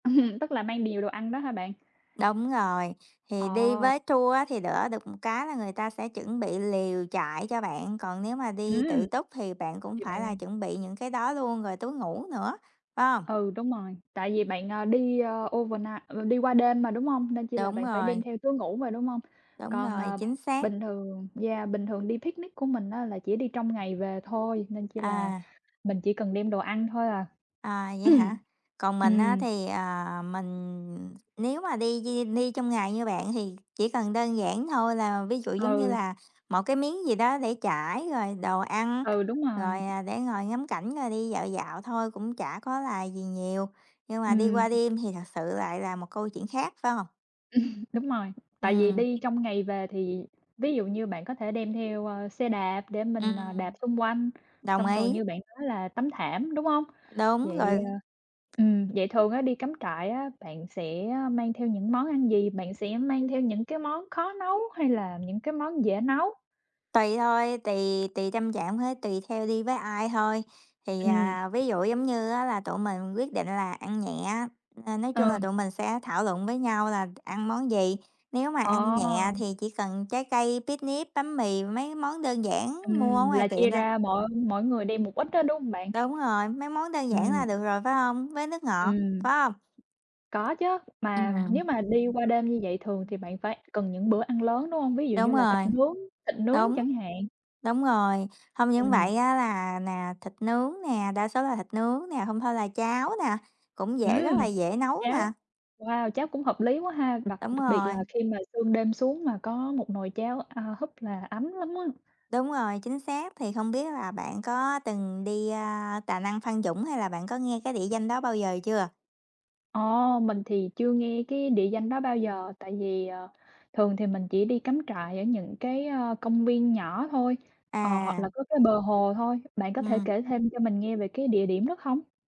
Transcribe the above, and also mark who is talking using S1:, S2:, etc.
S1: Ừm, tức là mang điều đồ ăn đó hả bạn?
S2: Đúng rồi. Thì đi
S1: Ờ.
S2: với tour á thì đỡ được một cái là người ta sẽ chuẩn bị lều trại cho bạn, còn nếu mà đi tự
S1: Ừm.
S2: túc thì bạn cũng
S1: Thì
S2: phải là
S1: bạn
S2: chuẩn bị những cái đó luôn, rồi túi ngủ nữa, phải hông?
S1: Ừ, đúng rồi, tại vì
S2: Ừm.
S1: bạn, ờ, đi, ơ, overnight, ờ, đi qua đêm mà, đúng hông? Nên chỉ là
S2: Đúng
S1: bạn phải đem
S2: rồi.
S1: theo túi ngủ mà, đúng hông?
S2: Đúng
S1: Còn,
S2: rồi,
S1: ờ,
S2: chính xác.
S1: bình thường yeah, bình thường đi picnic của mình á là chỉ đi trong ngày về thôi nên chỉ là
S2: À.
S1: mình chỉ cần đem đồ ăn thôi à.
S2: À, vậy hả? Còn mình á
S1: Ừm.
S2: thì, à, mình nếu mà đi di đi trong ngày như bạn thì chỉ cần đơn giản thôi, là ví dụ giống như
S1: Ừ.
S2: là một cái miếng gì đó để trải, rồi đồ ăn,
S1: Ừ, đúng rồi.
S2: rồi, à, để ngồi ngắm cảnh rồi đi dạo dạo thôi, cũng chả có là gì nhiều, nhưng mà đi
S1: Ừm.
S2: qua đêm thì thật sự lại là một câu chuyện khác, phải hông?
S1: Đúng rồi. Tại vì
S2: Ừm.
S1: đi trong ngày về thì ví dụ như bạn có thể đem theo, a, xe đạp để mình, à, đạp
S2: Ừm.
S1: xung quanh.
S2: Đồng
S1: Xong rồi
S2: ý.
S1: như bạn nói là tấm thảm, đúng hông?
S2: Đúng
S1: Vậy,
S2: rồi.
S1: a ừm, vậy thường á đi cắm trại á bạn sẽ, a, mang theo những món ăn gì? Bạn sẽ mang theo những cái món khó nấu hay là những cái món dễ nấu?
S2: Tùy thôi, tùy tùy tâm trạng với tùy theo đi với ai thôi. Thì,
S1: Ừm.
S2: à, ví dụ giống như á là tụi mình quyết định là ăn nhẹ á, nên nói chung
S1: Ừ.
S2: là tụi mình sẽ thảo luận với nhau là ăn món gì, nếu mà
S1: Ờ.
S2: ăn nhẹ thì chỉ cần trái cây, picnic, bánh mì, mấy món đơn giản mua ở
S1: Ừm,
S2: ngoài
S1: là
S2: tiệm
S1: chia
S2: thôi.
S1: ra mỗi mỗi người đi một ít á, đúng hông bạn?
S2: Đúng rồi, mấy món đơn giản là
S1: Ừm.
S2: được rồi phải hông, với nước ngọt,
S1: Ừm.
S2: phải hông?
S1: Có chớ. Mà nếu
S2: Ừm.
S1: mà đi qua đêm như vậy thường thì
S2: Ừm.
S1: bạn phải cần những bữa ăn lớn, đúng hông? Ví dụ
S2: Đúng
S1: như là thịt
S2: rồi.
S1: nướng thịt nướng
S2: Đúng.
S1: chẳng hạn.
S2: Đúng rồi, không những
S1: Ừm.
S2: vậy á là nè, thịt nướng nè, đa số là thịt nướng nè, hông thôi là cháo nè, cũng dễ rất
S1: Ừm!
S2: là dễ nấu
S1: Cháo.
S2: nè.
S1: Wow! Cháo cũng hợp lý quá ha, đặc
S2: Đúng
S1: đặc biệt
S2: rồi.
S1: là khi mà sương đêm xuống mà có một nồi cháo, a, húp là ấm lắm á.
S2: Đúng rồi, chính xác, thì không biết là bạn có từng đi, a, Tà Năng- Phan Dũng, hay là bạn có nghe cái địa danh đó bao giờ chưa?
S1: Ờ, mình thì chưa nghe cái địa danh đó bao giờ, tại vì, ờ, thường thì mình chỉ đi cắm trại ở những cái, a, công viên nhỏ thôi, ờ, hoặc
S2: À.
S1: là có cái bờ hồ thôi. Bạn có thể
S2: Ừm.
S1: kể thêm cho mình nghe về cái địa điểm đó không?